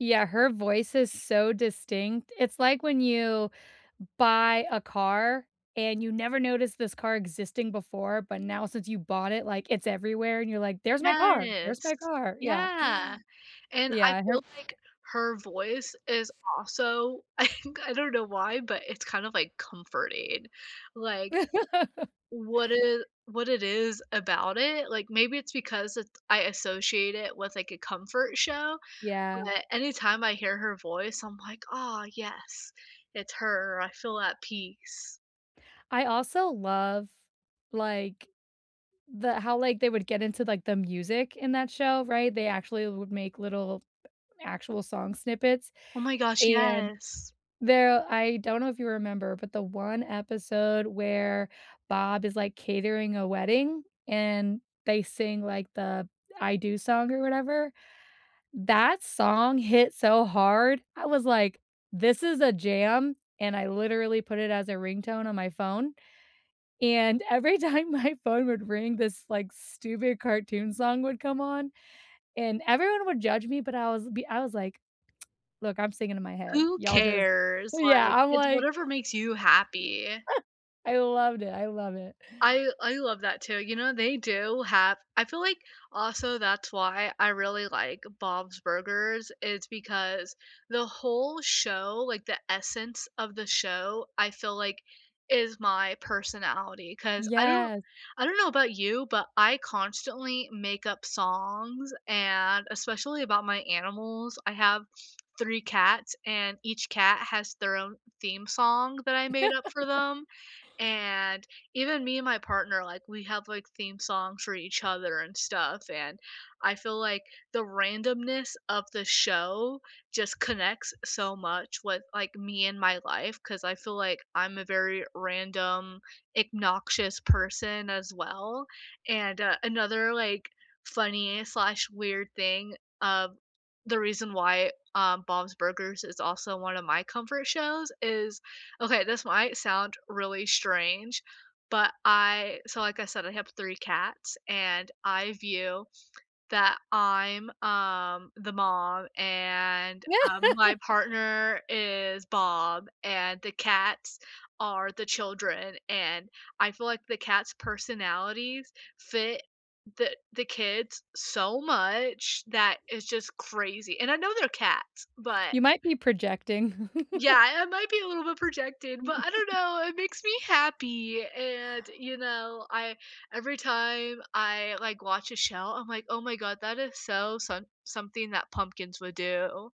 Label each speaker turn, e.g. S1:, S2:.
S1: Yeah, her voice is so distinct. It's like when you buy a car and you never noticed this car existing before, but now since you bought it, like, it's everywhere and you're, like, "There's my car. There's
S2: Yes.
S1: my car," yeah.
S2: Yeah, and
S1: Yeah,
S2: I
S1: and her
S2: feel like her voice is also, I think, I don't know why, but it's kind of like, comforting, like, what it what it is about it, like, maybe it's because it I associate it with, like, a comfort show
S1: Yeah.
S2: but anytime I hear her voice I'm like, "Ah yes, it's her. I feel at peace."
S1: I also love, like, the how, like, they would get into, like, the music in that show, right? They actually would make little actual song snippets,
S2: Oh my gosh,
S1: and
S2: yes.
S1: there I don't know if you remember, but the one episode where Bob is, like, catering a wedding, and they sing, like, the "I Do" song or whatever, that song hit so hard. I was like, "This is a jam," and I literally put it as a ringtone on my phone, and every time my phone would ring, this, like, stupid cartoon song would come on, and everyone would judge me, but I was be I was like, "Look, I'm singing in my head.
S2: Who
S1: Y'all just"
S2: cares,
S1: Yeah,
S2: like,
S1: I'm
S2: it's
S1: like
S2: whatever makes you happy.
S1: I loved it. I love it.
S2: I I love that too, you know, they do have I feel like also that's why I really like Bob's Burgers is because the whole show like, the essence of the show, I feel, like, is my personality. 'Cause I don't
S1: Yes.
S2: I don't know about you but I constantly make up songs and especially about my animals. I have 3 cats and each cat has their own theme song that I made up for them, and even me and my partner, like, we have, like, theme songs for each other and stuff and I feel like, the randomness of the show just connects so much with, like, me and my life 'cause I feel like I'm a very random, ignoxious person as well, and, uh, another, like, funny/weird thing of the reason why, um, Bob's Burgers is also one of my comfort shows is okay this might sound really strange but I so like I said, I have 3 cats and I view that I'm, um, the mom and, um, my, partner is Bob and the cats are the children and I feel like the cats' personalities fit the the kids so much that it's just crazy- and I know they're cats but
S1: You might be projecting.
S2: Yeah, I might be a little bit projecting, but I don't know, it makes me happy and, you know, I every time I, like, watch a show I'm like, "Oh, my god that is so some something that Pumpkins would do."